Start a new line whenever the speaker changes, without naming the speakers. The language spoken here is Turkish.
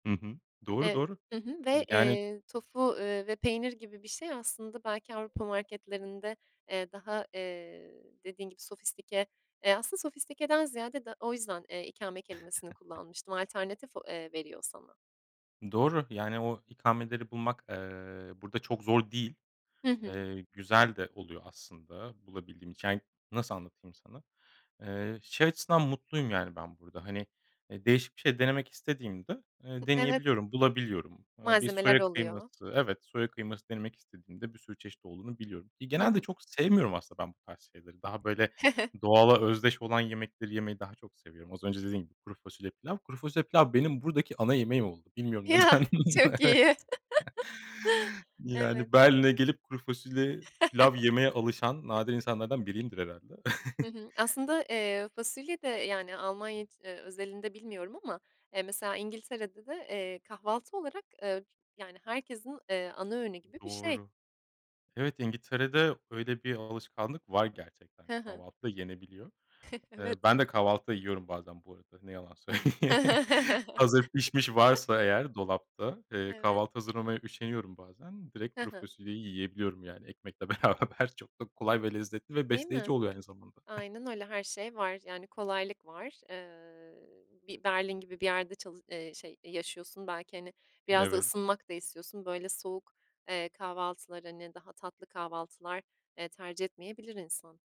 Hı hı. Doğru,
Ev
doğru.
Hı hı ve,
Yani
eee, tofu, eee, ve peynir gibi bir şey aslında belki Avrupa marketlerinde, eee, daha, eee, dediğin gibi sofistike eee, aslında sofistikeden ziyade da o yüzden, eee, ikame kelimesini kullanmıştım. Alternatif o eee, veriyor sana.
Doğru, yani o ikameleri bulmak, eee, burada çok zor değil.
Hı hı.
Eee, güzel de oluyor aslında bulabildiğim için, yani, nasıl anlatayım sana? Eee, şey açısından mutluyum yani ben burada, hani, eee, değişik bir şey denemek istediğimde,
Hı
eee,
Evet.
deneyebiliyorum, bulabiliyorum. Eee, bir
Malzemeler
soya kıyması
oluyor.
Evet, soya kıyması denemek istediğimde bir sürü çeşit olduğunu biliyorum. İii,
Hı
genelde
hı.
çok sevmiyorum aslında ben bu tarz şeyleri. Daha böyle doğala özdeş olan yemekleri yemeyi daha çok seviyorum. Az önce dediğim gibi; kuru fasulye, pilav. Kuru fasulye, pilav benim buradaki ana yemeğim oldu. Bilmiyorum,
Ya!
neden.
Çok
Evet.
iyi. Evet.
Yani Berlin'e gelip kuru fasulye, pilav yemeye alışan nadir insanlardan biriyimdir herhâlde.
Hı hı. Aslında, eee, fasulye de yani Almanya, eee, özelinde bilmiyorum ama, eee, mesela İngiltere'de de, eee, kahvaltı olarak, eee, yani herkesin, eee, ana öğünü gibi bir şey.
Doğru. Evet, İngiltere'de öyle bir alışkanlık var gerçekten.
Hı hı.
Kahvaltıda yenebiliyor. Eee,
Evet.
ben de kahvaltıda yiyorum bazen bu arada, ne yalan söyleyeyim. Hazır pişmiş varsa eğer dolapta, eee,
Evet.
kahvaltı hazırlamaya üşeniyorum bazen, direkt
Hı
kuru
hı.
fasulyeyi yiyebiliyorum yani ekmekle beraber. Çok da kolay ve lezzetli ve
Değil
besleyici
mi?
oluyor aynı zamanda.
Aynen öyle. Her şey var yani kolaylık var. Eee, bir Berlin gibi bir yerde çalı eee, şey, yaşıyorsun belki, hani, biraz da
Evet.
ısınmak da istiyorsun. Böyle soğuk, eee, kahvaltılar, hani, daha tatlı kahvaltılar, eee, tercih etmeyebilir insan.